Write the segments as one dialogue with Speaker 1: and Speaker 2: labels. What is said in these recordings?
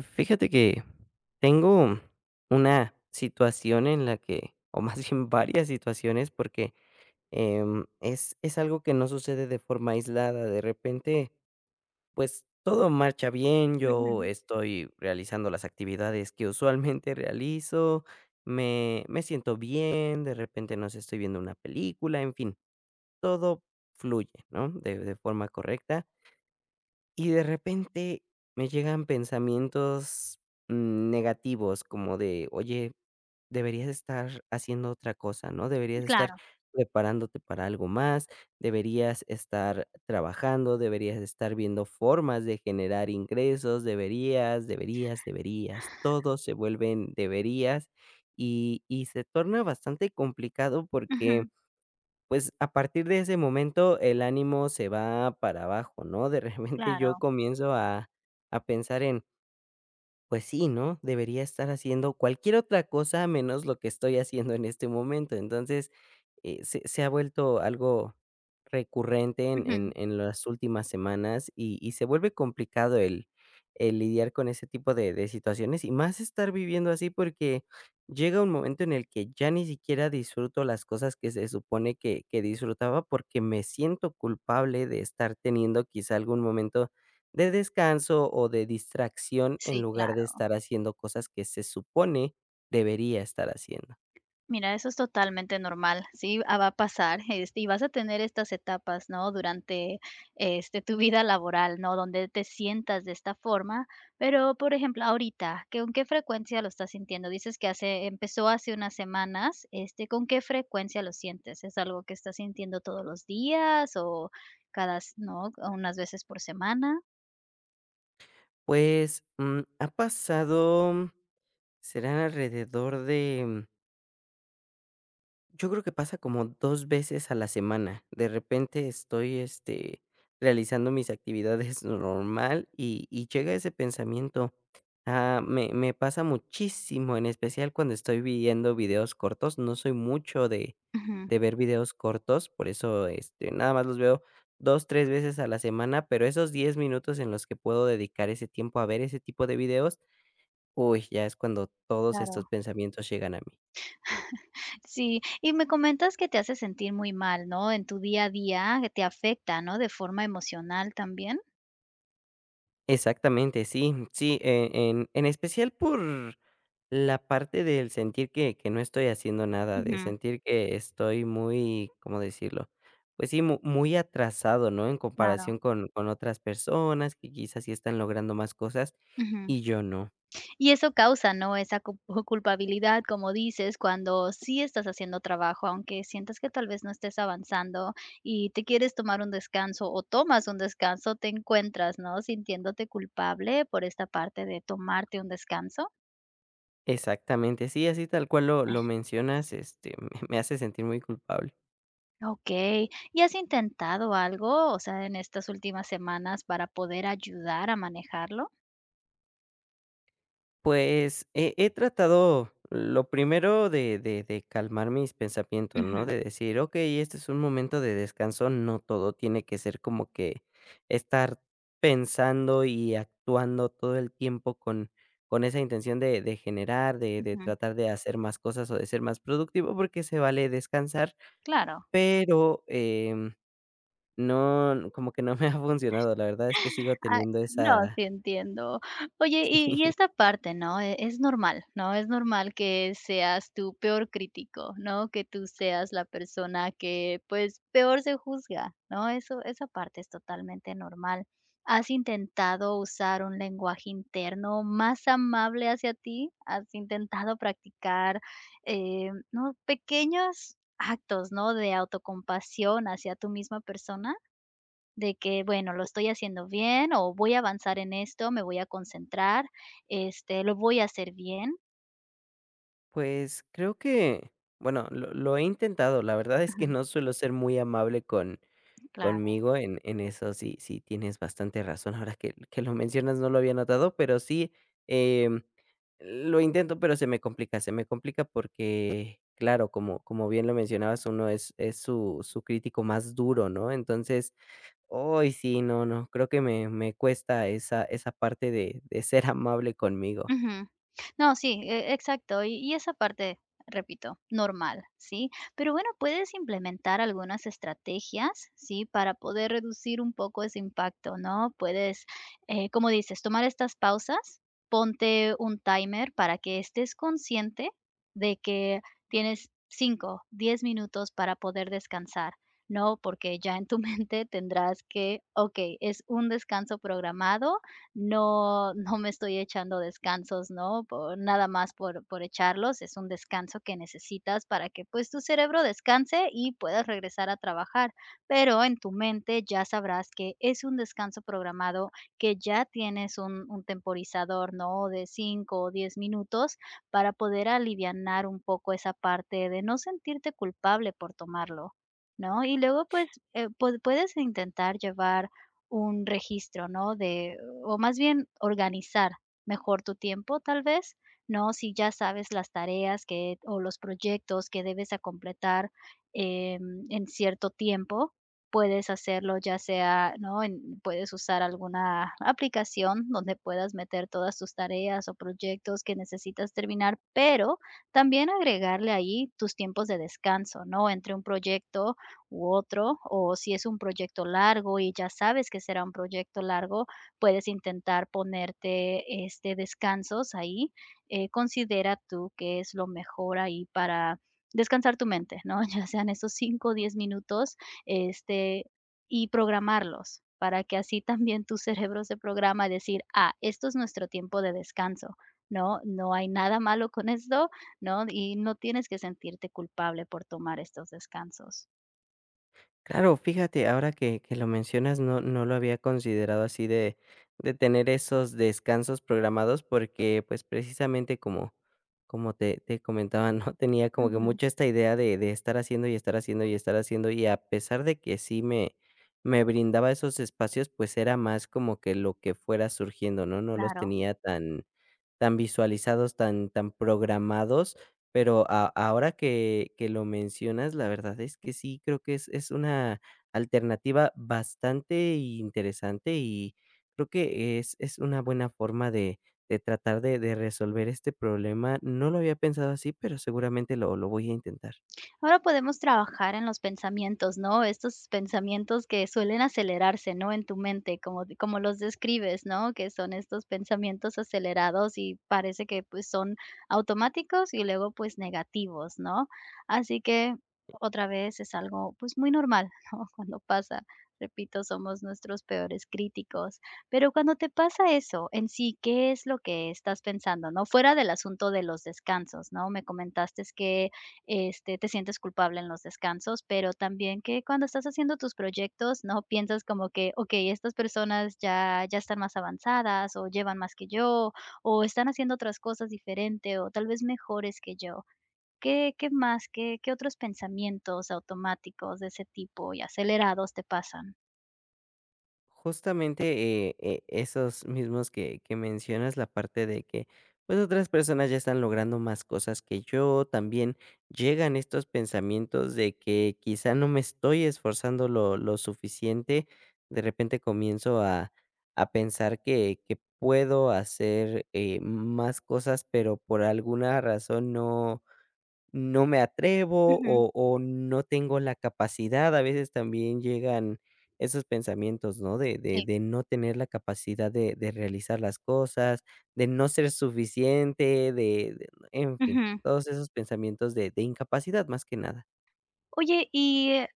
Speaker 1: Fíjate que, tengo una situación en la que o más bien varias situaciones porque, em, es es algo que no sucede de forma aislada, de repente pues todo marcha bien, yo
Speaker 2: Ujú.
Speaker 1: estoy realizando las actividades que usualmente realizo, me me siento bien, de repente, no sé, estoy viendo una película, en fin, todo fluye, ¿no?, de de forma correcta y de repente me llegan pensamientos negativos como de: "Oye, deberías estar haciendo otra cosa ¿no?, deberías estar
Speaker 2: Claro.
Speaker 1: preparándote para algo más, deberías estar trabajando, deberías de estar viendo formas de generar ingresos". Deberías, deberías, deberías. Todo se vuelven "deberías", y y se torna bastante complicado porque,
Speaker 2: Ujú.
Speaker 1: pues a partir de ese momento el ánimo se va para abajo, ¿no?, de repente yo
Speaker 2: Claro.
Speaker 1: comienzo a a pensar en Pues, sí, ¿no?, debería estar haciendo cualquier otra cosa, menos lo que estoy haciendo en este momento. Entonces, eh, se se ha vuelto algo recurrente en en
Speaker 2: Ujú.
Speaker 1: en las últimas semanas y y se vuelve complicado el el lidiar con ese tipo de de situaciones, y más estar viviendo así, porque llega un momento en el que ya ni siquiera disfruto las cosas que se supone que que disfrutaba porque me siento culpable de estar teniendo quizá algún momento de descanso o de distracción, en
Speaker 2: Sí,
Speaker 1: lugar de
Speaker 2: claro.
Speaker 1: estar haciendo cosas que se supone debería estar haciendo.
Speaker 2: Mira, eso es totalmente normal, sí, ah, va a pasar, este, y vas a tener estas etapas, ¿no?, durante, este, tu vida laboral, ¿no?, donde te sientas de esta forma, pero, por ejemplo, ahorita, ¿qué con qué frecuencia lo estás sintiendo? Dices que hace empezó hace unas semanas, este, ¿con qué frecuencia lo sientes? ¿Es algo que estás sintiendo todos los días o cada s no? ¿O unas veces por semana?
Speaker 1: Pues, mm, ha pasado será alrededor de Yo creo que pasa como 2 veces a la semana. De repente, estoy, este, realizando mis actividades normal y y llega ese pensamiento, ah, me me pasa muchísimo, en especial, cuando estoy viendo videos cortos. No soy mucho de
Speaker 2: Ujú.
Speaker 1: de ver videos cortos, por eso, este, nada más los veo 2, 3 veces a la semana, pero esos 10 minutos en los que puedo dedicar ese tiempo a ver ese tipo de videos, uy, ya es cuando todos
Speaker 2: Claro.
Speaker 1: estos pensamientos llegan a mí.
Speaker 2: Sí. Y me comentas que te hace sentir muy mal, ¿no?, en tu día a día, te afecta, ¿no? ¿De forma emocional también?
Speaker 1: Exactamente. Sí, sí, e en en especial por la parte del sentir que que no estoy haciendo nada, de
Speaker 2: Ujú.
Speaker 1: sentir que estoy muy, ¿cómo decirlo?, pues, sí, mu muy atrasado, ¿no?, en
Speaker 2: Claro.
Speaker 1: comparación con con otras personas que quizás sí están logrando más cosas
Speaker 2: Ujú.
Speaker 1: y yo no.
Speaker 2: Y eso causa, ¿no? Esa cu culpabilidad, como dices, cuando sí estás haciendo trabajo, aunque sientas que, tal vez, no estés avanzando y te quieres tomar un descanso o tomas un descanso, ¿te encuentras, no, sintiéndote culpable por esta parte de tomarte un descanso?
Speaker 1: Exactamente, sí, así tal cual lo lo mencionas, este, me me hace sentir muy culpable.
Speaker 2: Okey, ¿y has intentado algo, o sea, en estas últimas semanas para poder ayudar a manejarlo?
Speaker 1: Pues, he he tratado lo primero de de de calmar mis pensamientos, ¿no?
Speaker 2: Ujú.
Speaker 1: De decir: "Okey, este es un momento de descanso, no todo tiene que ser como que estar pensando y actuando todo el tiempo con con esa intención de de generar, de de
Speaker 2: Ujú.
Speaker 1: tratar de hacer más cosas o de ser más productivo, porque se vale descansar".
Speaker 2: Claro.
Speaker 1: Pero, em, no, como que no me ha
Speaker 2: Ash.
Speaker 1: funcionado, la verdad es que sigo
Speaker 2: Ah,
Speaker 1: teniendo
Speaker 2: no,
Speaker 1: esa
Speaker 2: sí, entiendo. Oye, y y
Speaker 1: Sí.
Speaker 2: esta parte, ¿no? E es normal, ¿no? Es normal que seas tu peor crítico, ¿no? Que tú seas la persona que, pues peor se juzga, ¿no? Eso esa parte es totalmente normal. ¿Has intentado usar un lenguaje interno más amable hacia ti? ¿Has intentado practicar, eh, ¿no?, pequeños actos, ¿no?, de autocompasión hacia tu misma persona? De que: "Bueno, lo
Speaker 1: O
Speaker 2: estoy haciendo bien o voy a avanzar en esto, me voy a concentrar, este, lo voy a hacer bien".
Speaker 1: Pues, creo que, bueno, lo lo he intentado, la verdad es que
Speaker 2: Ujú.
Speaker 1: no suelo ser muy amable con
Speaker 2: Mm, claro.
Speaker 1: conmigo en en eso sí sí tienes bastante razón, ahora que que lo mencionas, no lo había notado, pero sí, em, lo intento, pero se me complica, se me complica porque, claro, como como bien lo mencionabas, uno es es su su crítico más duro, ¿no? Entonces, ay, sí, no, no. Creo que me me cuesta esa esa parte de de ser amable conmigo.
Speaker 2: Ujú. No, sí, e exacto. Y y es aparte, repito, normal, ¿sí? Pero bueno, puedes implementar algunas estrategias, ¿sí?, para poder reducir un poco ese impacto, ¿no? Puedes, eh, como dices, tomar estas pausas, ponte un timer para que estés consciente de que tienes 5, 10 minutos para poder descansar, ¿no? Porque ya en tu mente tendrás que: "Okey, es un descanso programado, no no me estoy echando descansos", ¿no?, po nada más por por echarlos. Es un descanso que necesitas para que, pues, tu cerebro descanse y puedas regresar a trabajar. Pero en tu mente, ya sabrás que es un descanso programado, que ya tienes un un temporizador, ¿no?, de 5 o 10 minutos, para poder alivianar un poco esa parte de no sentirte culpable por tomarlo, ¿no? Y luego, pues, eh, pued puedes intentar llevar un registro, ¿no?, de o, más bien, organizar mejor tu tiempo, tal vez, ¿no? Si ya sabes las tareas que o los proyectos que debes, acompletar, em, en cierto tiempo, puedes hacerlo, ya sea, ¿no?, en puedes usar alguna aplicación donde puedas meter todas tus tareas o proyectos que necesitas terminar, pero también agregarle ahí tus tiempos de descanso, ¿no?, entre un proyecto u otro o si es un proyecto largo y ya sabes que será un proyecto largo, puedes intentar ponerte, este, descansos ahí, eh, considera tú que es lo mejor ahí, para descansar tu mente, ¿no?, ya sean esos 5 o 10 minutos, este, y programarlos, para que así también tu cerebro se programa a decir: "Ah, esto es nuestro tiempo de descanso", ¿no?, no hay nada malo con esto, ¿no?, y no tienes que sentirte culpable por tomar estos descansos.
Speaker 1: Claro, fíjate ahora que que lo mencionas, no no lo había considerado así de de tener esos descansos programados porque pues, precisamente como como te te comentaba, ¿no? Tenía como que
Speaker 2: Ujú.
Speaker 1: mucho esta idea de de estar haciendo y estar haciendo y estar haciendo y a pesar de que sí me me brindaba esos espacios, pues era más como que lo que fuera surgiendo, ¿no? No los
Speaker 2: Claro.
Speaker 1: tenía tan tan visualizados, tan tan programados, pero a ahora que que lo mencionas, la verdad es que sí, creo que es es una alternativa bastante interesante y creo que es es una buena forma de de tratar de de resolver este problema. No lo había pensado así, pero seguramente lo lo voy a intentar.
Speaker 2: Ahora podemos trabajar en los pensamientos, ¿no?, estos pensamientos que suelen acelerarse, ¿no?, en tu mente como como los describes, ¿no?, que son estos pensamientos acelerados y parece que pues son automáticos y luego, pues negativos, ¿no? Así que otra vez es algo, pues muy normal, ¿no?, cuando pasa, repito, somos nuestros peores críticos, pero cuando te pasa eso en sí, que es lo que estás pensando, ¿no? Fuera del asunto de los descansos, ¿no? Me comentaste que este, te sientes culpable en los descansos, pero también que cuando estás haciendo tus proyectos, ¿no?, piensas como que: "Okey, estas personas ya, ya están más avanzadas o llevan más que yo, o están haciendo otras cosas diferente, o tal vez mejores que yo". ¿Qué qué más? ¿Qué qué otros pensamientos automáticos de ese tipo y acelerados te pasan?
Speaker 1: Justamente, eh eh, esos mismos que que mencionas, la parte de que, pues, otras personas ya están logrando más cosas que yo, también llegan estos pensamientos de que, quizá, no me estoy esforzando lo lo suficiente, de repente, comienzo a a pensar que que puedo hacer, eh, m más cosas, pero, por alguna razón, no no me atrevo
Speaker 2: Ujú.
Speaker 1: o o no tengo la capacidad. A veces, también llegan esos pensamientos, ¿no?, de de
Speaker 2: Sí.
Speaker 1: de no tener la capacidad de de realizar las cosas, de no ser suficiente, de e en fin,
Speaker 2: Ujú.
Speaker 1: todos esos pensamientos de de incapacidad, más que nada.
Speaker 2: Oye, y, eh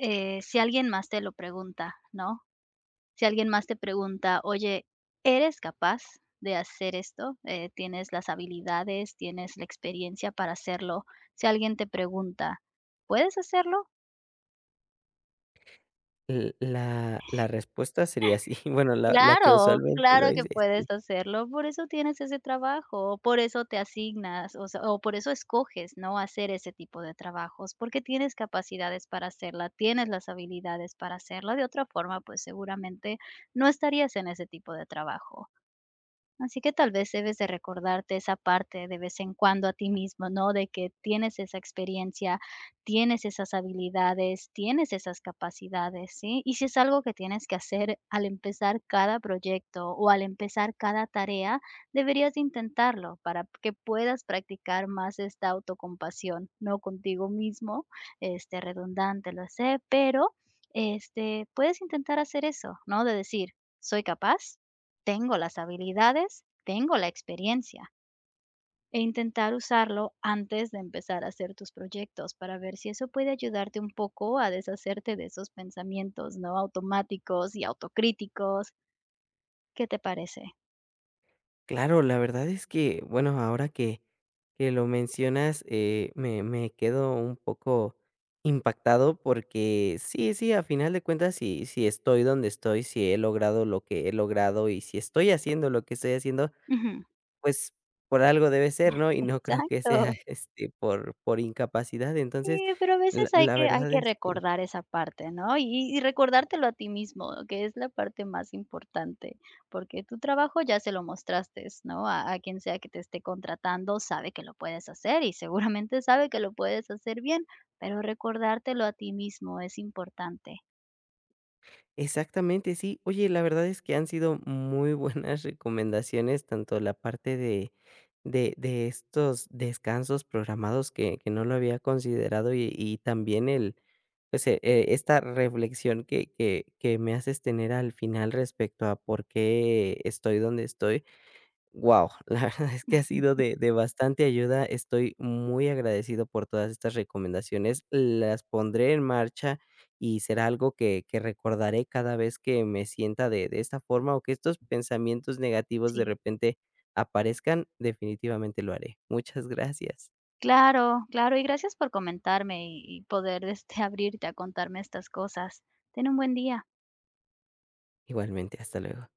Speaker 2: eh, si alguien más te lo pregunta, ¿no? Si alguien más te pregunta: "Oye, ¿eres capaz de hacer esto? Eh, ¿tienes las habilidades, tienes experiencia para hacerlo?" Si alguien te pregunta: "¿Puedes hacerlo?"
Speaker 1: L la la respuesta sería sí, bueno, la la que,
Speaker 2: Claro,
Speaker 1: usualmente,
Speaker 2: claro
Speaker 1: doy
Speaker 2: que
Speaker 1: es
Speaker 2: puedes
Speaker 1: sí.
Speaker 2: hacerlo. Por eso tienes ese trabajo, por eso te asignas, o sea, o por eso escoges, ¿no?, hacer ese tipo de trabajos, porque tienes capacidades para hacerla, tienes las habilidades para hacerla, de otra forma, pues, seguramente, no estarías en ese tipo de trabajo. Así que tal vez, debes de recordarte esa parte de vez en cuando a ti mismo, ¿no?, de que tienes esa experiencia, tienes esas habilidades, tienes esas capacidades, ¿sí?, y sí es algo que tienes que hacer al empezar cada proyecto, o al empezar cada tarea, deberías de intentarlo para que puedas practicar más esta autocompasión, ¿no?, contigo mismo, este, redundante, lo sé, pero, este, puedes intentar hacer eso, ¿no?, de decir: "Soy capaz, tengo las habilidades, tengo la experiencia". E intentar usarlo antes de empezar a hacer tus proyectos para ver si eso puede ayudarte un poco a deshacerte de esos pensamientos, ¿no?, automáticos y autocríticos. ¿Qué te parece?
Speaker 1: Claro, la verdad es que, bueno, ahora que que lo mencionas, eh, me me quedo un poco impactado, porque sí, sí, a final de cuentas si si estoy donde estoy, si he logrado, lo que he logrado y si estoy haciendo lo que estoy haciendo,
Speaker 2: Ujú.
Speaker 1: pues, por algo debe ser, ¿no? Y no creo que sea
Speaker 2: Exacto.
Speaker 1: este, por por incapacidad.
Speaker 2: Sí,
Speaker 1: Entonces
Speaker 2: pero a
Speaker 1: la
Speaker 2: veces hay
Speaker 1: la
Speaker 2: que hay
Speaker 1: verdad
Speaker 2: que
Speaker 1: es que
Speaker 2: recordar esa parte, ¿no? Y y recordártelo a ti mismo, que es la parte más importante, porque tu trabajo ya se lo mostraste, ¿no?, a a quien sea que te esté contratando sabe que lo puedes hacer y seguramente sabe que lo puedes hacer bien, pero recordártelo a ti mismo es importante.
Speaker 1: Exactamente, sí. Oye, la verdad es que han sido muy buenas recomendaciones, tanto la parte de de de estos descansos programados que que no lo había considerado y y también el pues, e esta reflexión que que que me haces tener al final respecto a por qué estoy donde estoy. Wao, la verdad es que ha sido de de bastante ayuda. Estoy muy agradecido por todas estas recomendaciones, las pondré en marcha y será algo que que recordaré cada vez que me sienta de de esta forma o que estos pensamientos negativos de
Speaker 2: Sí.
Speaker 1: repente aparezcan, definitivamente lo haré. Muchas gracias.
Speaker 2: Claro, claro, y gracias por comentarme y y poder, este, abrirte a contarme estas cosas. Ten un buen día.
Speaker 1: Igualmente, hasta luego.